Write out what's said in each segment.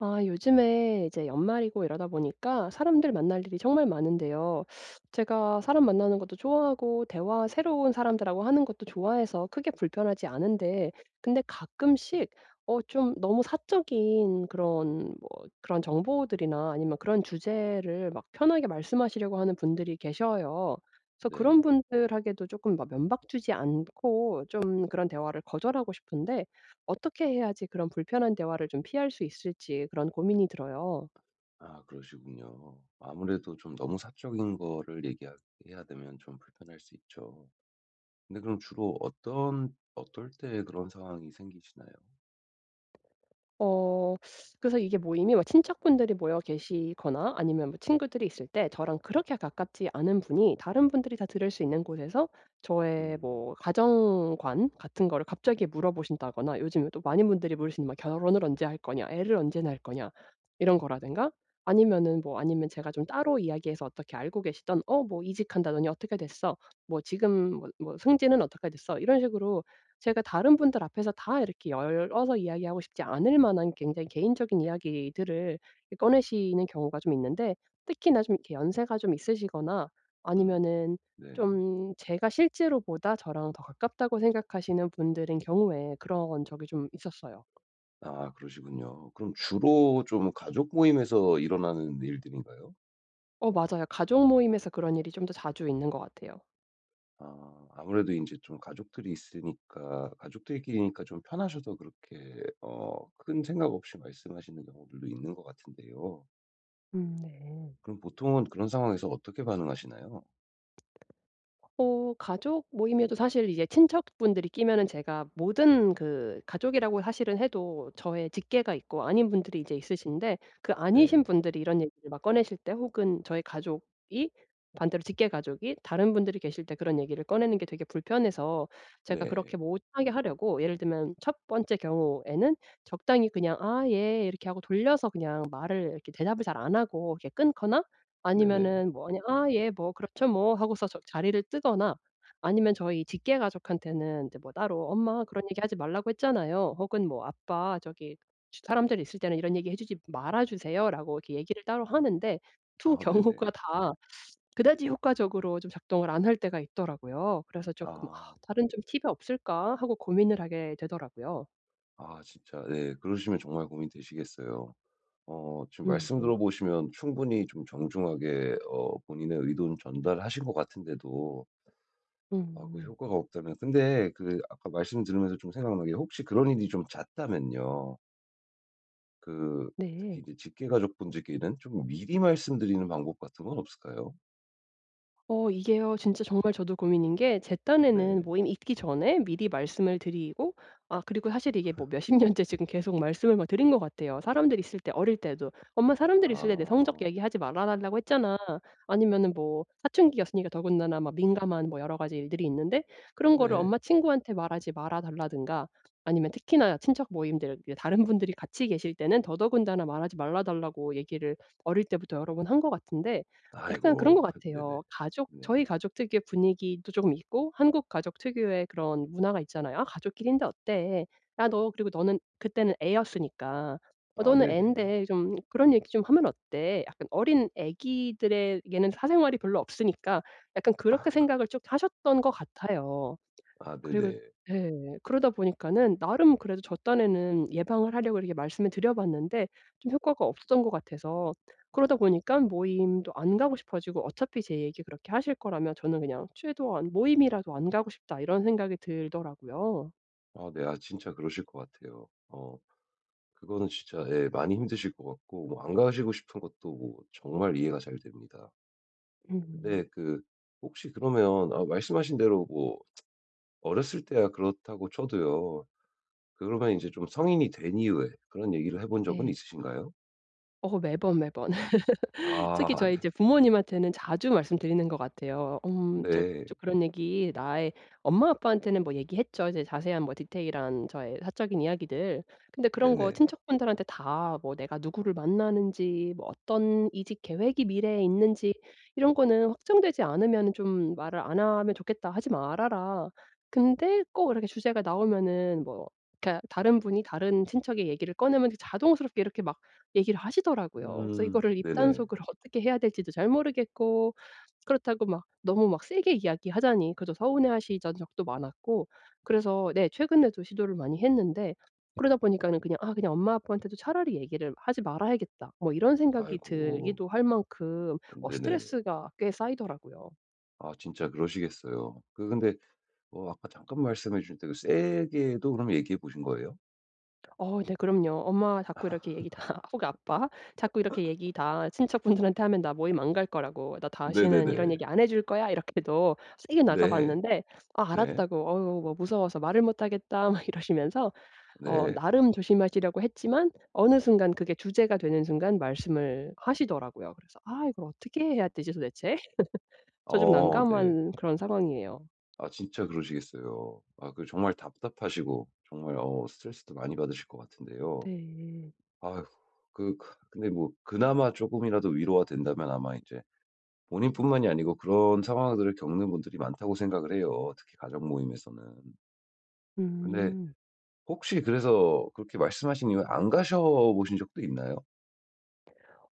아 요즘에 이제 연말이고 이러다 보니까 사람들 만날 일이 정말 많은데요. 제가 사람 만나는 것도 좋아하고 대화 새로운 사람들하고 하는 것도 좋아해서 크게 불편하지 않은데 근데 가끔씩 어 좀 너무 사적인 그런 뭐 그런 정보들이나 아니면 그런 주제를 막 편하게 말씀하시려고 하는 분들이 계셔요. 그래서 그런 네. 분들에게도 쪼끔 막 면박 주지 않고 좀 그런 대화를 거절하고 싶은데 어떻게 해야지 그런 불편한 대화를 좀 피할 수 있을지 그런 고민이 들어요. 아 그러시군요. 아무래도 좀 너무 사적인 거를 얘기하 해야 되면 좀 불편할 수 있죠. 근데 그럼 주로 어떤 어떨 때 그런 상황이 생기시나요? 어 그래서 이게 모임이 뭐 친척분들이 모여 계시거나 아니면 뭐 친구들이 있을 때 저랑 그렇게 가깝지 않은 분이 다른 분들이 다 들을 수 있는 곳에서 저의 음. 뭐 가정관 같은 거를 갑자기 물어보신다거나 요즘에 또 많은 분들이 물으시는 뭐 "결혼을 언제 할 거냐?", "애를 언제 낳을 거냐?" 이런 거라든가 아니면은 뭐 아니면 제가 좀 따로 이야기해서 어떻게 알고 계시던 "어 뭐 이직한다더니 어떻게 됐어?", "뭐 지금 뭐 뭐 승진은 어떻게 됐어?" 이런 식으로 제가 다른 분들 앞에서 다 이렇게 열어서 이야기하고 싶지 않을 만한 굉장히 개인적인 이야기들을 이 꺼내시는 경우가 좀 있는데 특히나 좀 이렇게 연세가 좀 있으시거나 음. 아니면은 네. 좀 제가 실제로보다 저랑 더 가깝다고 생각하시는 분들인 경우에 그런 적이 좀 있었어요. 아, 그러시군요. 그럼 주로 좀 가족 모임에서 일어나는 일들인가요? 어 맞아요. 가족 모임에서 그런 일이 좀 더 자주 있는 것 같아요. 아 아무래도 인제 좀 가족들이 있으니까 가족들끼리니까 좀 편하셔서 그렇게 어 큰 생각 없이 말씀하시는 경우들도 있는 것 같은데요. 음 네. 그럼 보통은 그런 상황에서 어떻게 반응하시나요? 어 가족 모임에도 사실 이제 친척분들이 끼면은 제가 모든 그 가족이라고 사실은 해도 저의 직계가 있고 아닌 분들이 이제 있으신데 그 아니신 네. 분들이 이런 얘기를 막 꺼내실 때 혹은 저희 가족이 반대로 직계 가족이 다른 분들이 계실 때 그런 얘기를 꺼내는 게 되게 불편해서 제가 그렇게 네. 못 하게 하려고 예를 들면 첫 번째 경우에는 적당히 그냥 "아 예." 이렇게 하고 돌려서 그냥 말을 이렇게 대답을 잘 안 하고 이렇게 끊거나 네네. 아니면은 뭐 그냥 "아 예. 뭐 그렇죠 뭐." 하고서 저 자리를 뜨거나 아니면 저희 직계 가족한테는 이제 뭐 따로 "엄마 그런 얘기 하지 말라고 했잖아요." 혹은 뭐 "아빠 저기 쉬 사람들 있을 때는 이런 얘기 해 주지 말아 주세요."라고 이렇게 얘기를 따로 하는데 두 아 네네. 경우가 다 그다지 효과적으로 좀 작동을 안 할 때가 있더라고요. 그래서 쪼끔 '아 아. 다른 좀 팁이 없을까.' 하고 고민을 하게 되더라고요. 아 진짜 네 그러시면 정말 고민되시겠어요. 어 지금 음 말씀 네. 들어보시면 충분히 좀 정중하게 어 본인의 의도는 전달하신 것 같은데도 아 그 음. 효과가 없다면 근데 그 아까 말씀 들으면서 좀 생각난 게 혹시 그런 일이 좀 잦다면요 그 특히 네. 이제 직계가족 분들께는 좀 미리 말씀드리는 방법 같은 건 없을까요? 어 이게요 진짜 정말 저도 고민인 게 제 딴에는 네. 모임 있기 전에 미리 말씀을 드리고 아 그리고 사실 이게 뭐 몇십 년째 지금 계속 말씀을 뭐 드린 것 같아요. 사람들 있을 때 어릴 때도. "엄마 사람들이 있을 때 내 성적 아. 얘기하지 말아 달라고 했잖아." 아니면은 뭐 사춘기였으니까 더군다나 뭐 민감한 뭐 여러 가지 일들이 있는데 그런 거를 네. 엄마 친구한테 말하지 말아 달라든가 아니면 특히나 친척 모임들 그 다른 분들이 같이 계실 때는 더더군다나 말하지 말아 달라고 얘기를 어릴 때부터 여러 번 한 것 같은데 약간 그런 아이고 것 네네. 같아요. 가족 네. 저희 가족 특유의 분위기도 쪼금 있고 한국 가족 특유의 그런 문화가 있잖아요. "아 가족끼리인데 어때? 아 너 그리고 너는 그때는 애였으니까. 어 아 너는 네네. 앤데 좀 그런 얘기 좀 하면 어때?" 약간 어린 아기들에게는 사생활이 별로 없으니까 약간 그렇게 생각을 쭉 하셨던 것 같아요. 아 그리고 네네. 예. 그러다 보니까는 나름 그래도 저 딴에는 예방을 하려고 이렇게 말씀을 드려봤는데 좀 효과가 없었던 것 같아서 그러다 보니까 모임도 안 가고 싶어지고 어차피 제 얘기 그렇게 하실 거라면 저는 그냥 최대한 '모임이라도 안 가고 싶다.' 이런 생각이 들더라고요. 아, 네. 아, 진짜 그러실 것 같아요. 어. 그거는 진짜 예 많이 힘드실 것 같고 뭐 안 가시고 싶은 것도 뭐 정말 이해가 잘 됩니다. 음. 근데 그 혹시 그러면 아 말씀하신 대로 뭐 어렸을 때야 그렇다고 쳐도요. 그러면 인제 좀 성인이 된 이후에 그런 얘기를 해 본 적은 네. 있으신가요? 어 매번, 매번. 특히 아. 저희 이제 네. 부모님한테는 자주 말씀드리는 것 같아요. 음, 저 네. 저 그런 얘기 나의 엄마 아빠한테는 뭐 얘기했죠. 이제 자세한 뭐 디테일한 저의 사적인 이야기들. 근데 그런 거 네네. 친척분들한테 다 뭐 "내가 누구를 만나는지 뭐 어떤 이직 계획이 미래에 있는지 이런 거는 확정되지 않으면은 좀 말을 안 하면 좋겠다. 하지 말아라." 근데 꼭 이렇게 주제가 나오면은 뭐 그러니까 다른 분이 다른 친척의 얘기를 꺼내면 이제 자동스럽게 이렇게 막 얘기를 하시더라고요. 그래서 음. 이거를 네네. 입단속을 어떻게 해야 될지도 잘 모르겠고 그렇다고 막 너무 막 세게 이야기하자니 그래도 서운해하시던 적도 많았고. 그래서 네 최근에도 시도를 많이 했는데 그러다 보니까는 그냥 '아, 그냥 엄마, 아빠한테도 차라리 얘기를 하지 말아야겠다.' 뭐 이런 생각이 아이고. 들기도 할 만큼 아 어 네네네. 스트레스가 꽤 쌓이더라고요. 아 진짜 그러시겠어요. 그 근데 어 아까 잠깐 말씀해 주셨는데 세게도 그럼 얘기해 보신 거예요? 어 네 그럼요. 엄마가 자꾸 이렇게 얘기 다 혹 아빠 자꾸 이렇게 얘기 다 친척분들한테 하면 나 모임 안 갈 거라고 "나 다시는 이런 네네네. 얘기 안 해 줄거야." 이렇게도 세게 네. 나가봤는데 아 네. 알았다고 "어유 뭐 무서워서 말을 못 하겠다." 막 이러시면서 어 네. 나름 조심하시려고 했지만 어느 순간 그게 주제가 되는 순간 말씀을 하시더라고요. 그래서 '아 이걸 어떻게 해야 되지 도대체?' 저 좀 어 네. 난감한 그런 상황이에요. 아 진짜 그러시겠어요. 아 그 정말 답답하시고 정말 어 스트레스도 많이 받으실 것 같은데요. 네. 아휴. 그 그 근데 뭐 그나마 쪼금이라도 위로가 된다면 아마 이제 본인뿐만이 아니고 그런 상황들을 겪는 분들이 많다고 생각을 해요 특히 가족모임에서는. 근데 음. 혹시 그래서 그렇게 말씀하신 이후에 안 가셔 보신 적도 있나요?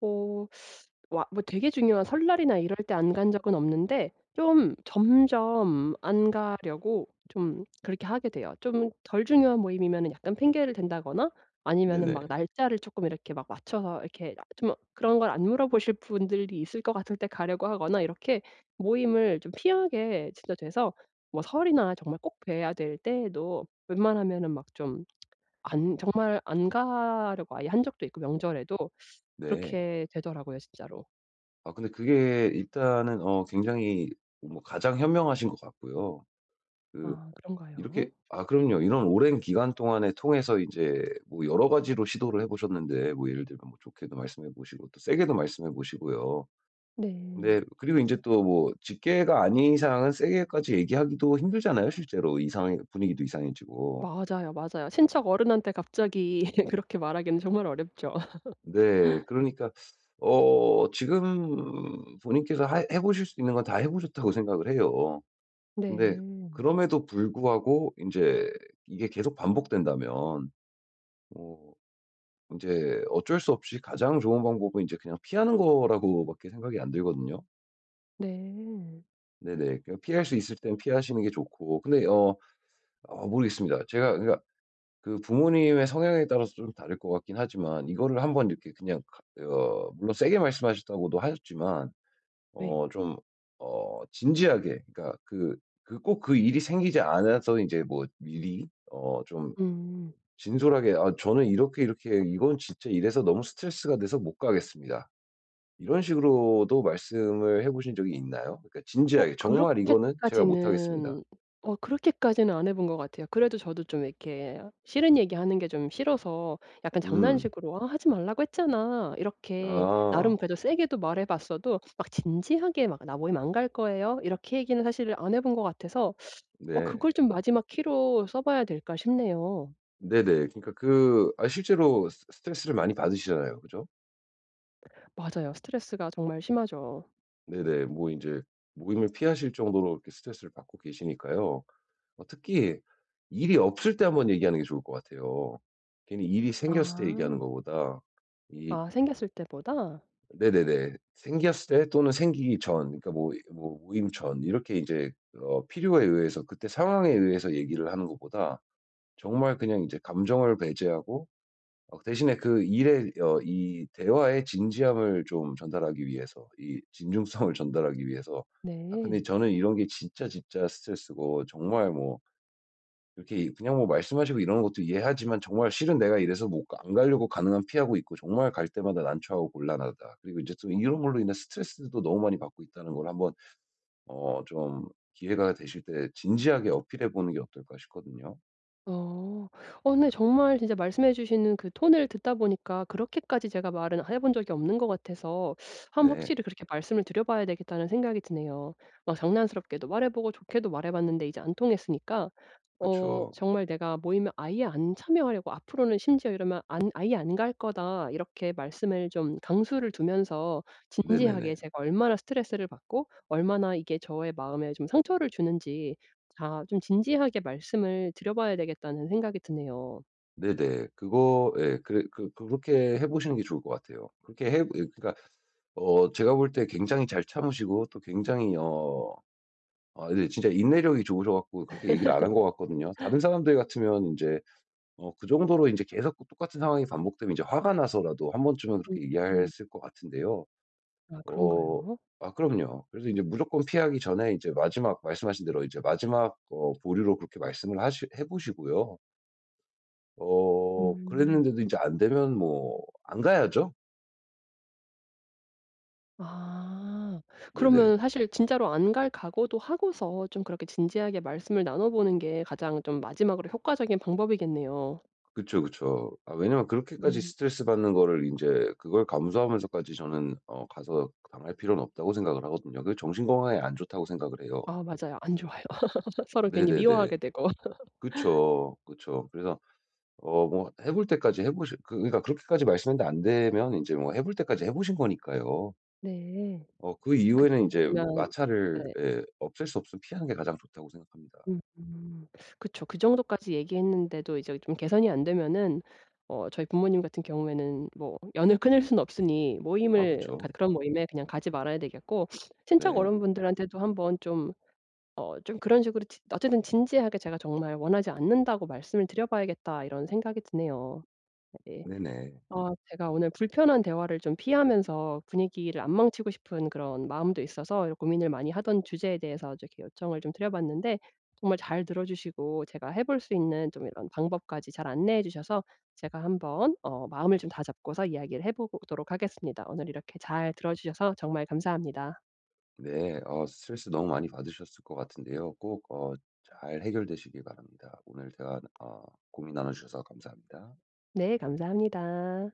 어 뭐 아 되게 중요한 설날이나 이럴 때 안 간 적은 없는데 좀 점점 안 가려고 좀 그렇게 하게 돼요. 좀 덜 중요한 모임이면 약간 핑계를 댄다거나 아니면은 네네. 막 날짜를 쪼끔 이렇게 막 맞춰서 이렇게 좀 그런 걸 안 물어보실 분들이 있을 것 같을 때 가려고 하거나 이렇게 모임을 좀 피하게 진짜 돼서 뭐 설이나 정말 꼭 봬야 될 때에도 웬만하면은 막 좀 안 정말 안 가려고 아예 한 적도 있고 명절에도. 네. 그렇게 되더라고요 진짜로. 아 근데 그게 일단은 어 굉장히 뭐 가장 현명하신 것 같고요. 그 아 그런가요? 이렇게 아 그럼요. 이런 오랜 기간 동안에 통해서 이제 뭐 여러 가지로 시도를 해 보셨는데 뭐 예를 들면 뭐 좋게도 말씀해 보시고 또 세게도 말씀해 보시고요. 네. 네. 그리고 인제 또 뭐 직계가 아닌 이상은 세게까지 얘기하기도 힘들잖아요 실제로. 이상해 분위기도 이상해지고. 맞아요, 맞아요. 친척 어른한테 갑자기 그렇게 말하기는 정말 어렵죠. 네. 그러니까 어 지금 본인께서 하 해 보실 수 있는 건 다 해 보셨다고 생각을 해요. 근데 네. 그럼에도 불구하고 인제 이게 계속 반복된다면 뭐 인제 어쩔 수 없이 가장 좋은 방법은 이제 그냥 피하는 거라고 밖에 생각이 안 들거든요. 네. 네네. 그냥 피할 수 있을 땐 피하시는 게 좋고 근데 어 어 모르겠습니다. 제가 그러니까 그 부모님의 성향에 따라서 좀 다를 것 같긴 하지만 이거를 한번 이렇게 그냥 하 어 물론 세게 말씀하셨다고도 하셨지만 네. 어 좀 어 진지하게 그러니까 그 그 꼭 그 일이 생기지 않아서 이제 뭐 미리 어 좀 음. 진솔하게 "아 저는 이렇게, 이렇게 이건 진짜 이래서 너무 스트레스가 돼서 못 가겠습니다." 이런 식으로도 말씀을 해 보신 적이 있나요? 그러니까 어 진지하게 "정말 이거는 제가 못 하겠습니다." 그렇게까지는 어 그렇게까지는 안 해 본 것 같아요. 그래도 저도 좀 이렇게 싫은 얘기 하는 게 좀 싫어서 약간 음. 장난식으로 "아 하지 말라고 했잖아." 이렇게 나름 아. 그래도 세게도 말해 봤어도 막 진지하게 막 "나 모임 안 갈 거예요." 이렇게 얘기는 사실 안 해 본 것 같아서 어 네. 그걸 좀 마지막 키로 써 봐야 될까 싶네요. 네네. 그러니까 그 아 실제로 스 스트레스를 많이 받으시잖아요 그죠? 맞아요. 스트레스가 정말 심하죠. 네네. 뭐 인제 모임을 피하실 정도로 이렇게 스트레스를 받고 계시니까요. 어 특히 일이 없을 때 1 번 얘기하는 게 좋을 것 같아요. 괜히 일이 생겼을 때 얘기하는 아. 것보다 이 아 생겼을 때보다? 네네네. 생겼을 때 또는 생기기 전. 그러니까 뭐 이 뭐 모임 전 이렇게 인제 어 필요에 의해서 그때 상황에 의해서 얘기를 하는 것보다 정말 그냥 이제 감정을 배제하고 어 그 대신에 그 일에 어 이 대화의 진지함을 좀 전달하기 위해서 이 진중성을 전달하기 위해서. "아 근데 네. 저는 이런 게 진짜, 진짜 스트레스고 정말 뭐 이렇게 이 그냥 뭐 말씀하시고 이러는 것도 이해하지만 정말 실은 내가 이래서 뭐 안 가려고 가능한 피하고 있고 정말 갈 때마다 난처하고 곤란하다." 그리고 인제 또 이런 걸로 인해 스트레스도 또 너무 많이 받고 있다는 걸 1 번 어 좀 기회가 되실 때 진지하게 어필해 보는 게 어떨까 싶거든요. 어. 어 근데 정말 진짜 말씀해 주시는 그 톤을 듣다 보니까 그렇게까지 제가 말은 해 본 적이 없는 것 같아서 1 번 네. 확실히 그렇게 말씀을 드려봐야 되겠다는 생각이 드네요. 막 장난스럽게도 말해 보고 좋게도 말해 봤는데 이제 안 통했으니까 어 그쵸. 정말 내가 모임에 아예 안 참여하려고 앞으로는 심지어 이러면 안 "아예 안 갈 거다." 이렇게 말씀을 좀 강수를 두면서 진지하게 네네네. 제가 얼마나 스트레스를 받고 얼마나 이게 저의 마음에 좀 상처를 주는지 다 좀 진지하게 말씀을 드려봐야 되겠다는 생각이 드네요. 네, 네. 그거 예, 그래 그 그렇게 해 보시는 게 좋을 것 같아요. 그렇게 해 이 그러니까 어 제가 볼 때 굉장히 잘 참으시고 또 굉장히 어 어 이게 진짜 인내력이 좋으셔갔고 그렇게 얘기를 안 한 것 같거든요. 다른 사람들 같으면 인제 어 그 정도로 이제 계속 그 똑같은 상황이 반복되면 이제 화가 나서라도 1 번쯤은 그렇게 [unintelligible] 이해했을 것 같은데요. 아 어 그런가요? 아, 그럼요. 그래서 이제 무조건 피하기 전에 이제 마지막 말씀하신 대로 이제 마지막 어 보류로 그렇게 말씀을 하시 해보시고요. 어 음. 그랬는데도 이제 안되면 뭐 안 가야죠. 아 네네. 그러면 사실 진짜로 안 갈 각오도 하고서 좀 그렇게 진지하게 말씀을 나눠 보는 게 가장 좀 마지막으로 효과적인 방법이겠네요. 그쵸, 그쵸. 아 왜냐하면 그렇게까지 음. 스트레스 받는 거를 인제 그걸 감수하면서까지 저는 어 가서 그 당할 필요는 없다고 생각을 하거든요. 그게 정신 건강에 안 좋다고 생각을 해요. 어. 아 맞아요. 안 좋아요. 서로 괜히 네네네. 미워하게 되고. 그쵸, 그쵸. 그래서 어 뭔가 해볼 때까지 해보시 그 그니까 그렇게까지 말씀했는데 안되면 이제 뭐 해볼 때까지 해보신 거니까요. 네, 어 그 그때 이후에는 인제 되면 마찰을 네. 예, 없앨 수 없으면 피하는 게 가장 좋다고 생각합니다. 음 그쵸. 그 정도까지 얘기했는데도 이제 좀 개선이 안 되면은 어 저희 부모님 같은 경우에는 뭐 연을 끊을 순 없으니 아 모임을 가 그쵸. 그런 모임에 그냥 가지 말아야 되겠고 '친척 네. 어른분들한테도 한번 좀 어 좀 그런 식으로 지 어쨌든 진지하게 제가 정말 원하지 않는다고 말씀을 드려봐야겠다.' 이런 생각이 드네요. 네. 네, 네. 아 제가 오늘 불편한 대화를 좀 피하면서 분위기를 안 망치고 싶은 그런 마음도 있어서 고민을 많이 하던 주제에 대해서 좀 이렇게 요청을 좀 드려 봤는데 정말 잘 들어주시고 제가 해볼 수 있는 좀 이런 방법까지 잘 안내해 주셔서 제가 한번 어 마음을 좀 다잡고서 이야기를 해보도록 하겠습니다. 오늘 이렇게 잘 들어주셔서 정말 감사합니다. 네, 어 스트레스 너무 많이 받으셨을 것 같은데요. 꼭 어 잘 해결되시길 바랍니다. 오늘 대화 어 고민 나눠주셔서 감사합니다. 네, 감사합니다.